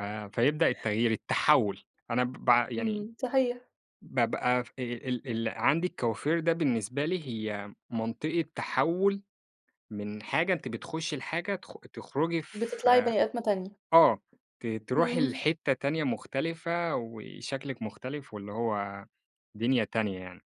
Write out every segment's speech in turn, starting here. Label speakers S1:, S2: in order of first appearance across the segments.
S1: آآ فيبدأ التغيير التحَوُّل، أنا ب بع يعني
S2: إمم، صحيح.
S1: بابقى في ال ال ال عندي الكوافير ده بالنسبة لي هي منطقة تحَوُّل، من حاجة أنتِ بتخشي لحاجة تخ تخرجي
S2: بتطلعي
S1: في
S2: بني آدمة تانية.
S1: آه، ت تروحي
S2: إمم.
S1: لحتّة تانية مختلفة وشكلِك مختلِف، واللي هو دنيا تانية يعني،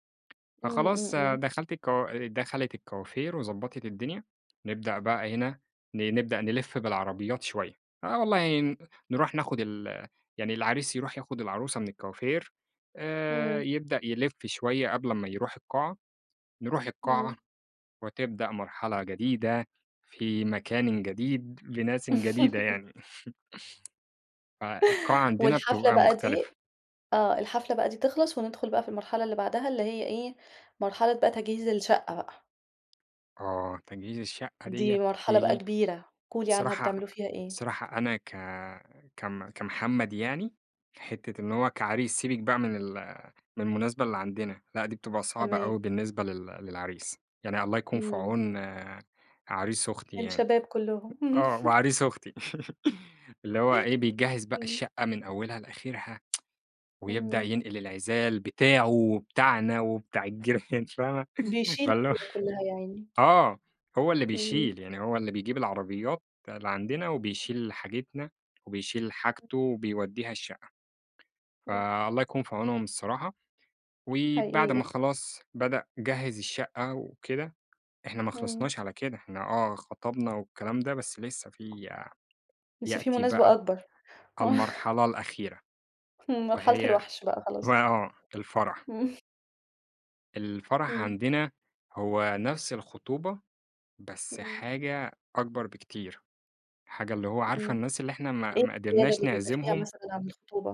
S2: إمم، إمم،
S1: فخلاص
S2: إمم.
S1: دخلت الكو دخلِت الكوافير وضبَّطِت الدنيا، نبدأ بقى هنا ن نبدأ نلف بالعربيات شوية، آه والله ن نروح ناخد ال يعني العريس يروح ياخد العروسة من الكوافير، آآ
S2: إمم.
S1: يبدأ يلف شوية قبل امّا يروح القاعة، نروح القاعة،
S2: إمم.
S1: وتبدأ مرحلة جديدة، في مكانٍ جديد، لناسٍ جديدة يعني. فالقاعة عندنا
S2: والحفلة
S1: بتبقى
S2: بقى دي
S1: مختلفة.
S2: آه، الحفلة بقى دي تخلَص، وندخل بقى في المرحلة اللي بعدها اللي هي إيه، مرحلة بقى تجهيز الشقة بقى.
S1: آه، تجهيز الشقة ديّة
S2: دي مرحلة بقى
S1: بتيجي
S2: كبيرة، قولي لي عنها
S1: صراحة
S2: بتعملوا فيها إيه؟
S1: صراحة أنا ك كم كمحمد يعني حتّة إن هو كعريس سيبِك بقى من ال من المناسبة اللي عندنا، لا دي بتبقى صعبة أوي
S2: تمام.
S1: بالنسبة لل للعريس، يعني الله يكون في
S2: إمم.
S1: عون عريس أختي يعني،
S2: الشباب كلّهم.
S1: آه وعريس أختي، اللي هو إيه بيجهِّز بقى
S2: إمم.
S1: الشقة من أولها لآخرها، ويبدأ
S2: إمم.
S1: ينقل العزال بتاعه وبتاعنا وبتاع الجيران فاهمة؟
S2: بيشيل
S1: فاللي هو
S2: الليلة كلّها يا عيني.
S1: آه، هو اللي
S2: إمم.
S1: بيشيل، يعني هو اللي بيجيب العربيات، لعندنا وبيشيل حاجتنا، وبيشيل
S2: [unintelligible]
S1: حاجته وبيوديها الشقة،
S2: إمم.
S1: فالله يكون في عونهم الصراحة، وبعد
S2: حقيقي.
S1: ما خلاص بدأ جهِّز الشقة وكده، إحنا ما
S2: إمم.
S1: خلَّصناش على كده، إحنا آه خطبنا والكلام ده، بس لسّه في ي
S2: لسّه في
S1: يأتي
S2: مناسبة
S1: بقى،
S2: أكبر، آه.
S1: المرحلة الأخيرة،
S2: همم، مرحلة
S1: وهي
S2: الوحش بقى، خلاص.
S1: ما آه، الفرح.
S2: همم.
S1: الفرح
S2: إمم.
S1: عندنا، هو نفْس الخطوبة بس
S2: إمم.
S1: حاجة أكبر بكتير، حاجة اللي هو عارفة
S2: إمم
S1: الناس اللي إحنا ما
S2: إيه
S1: ما
S2: الزيادة
S1: قدرناش
S2: دي؟ بيبقى فيها
S1: نعزمهم؟
S2: مثلًا عن الخطوبة؟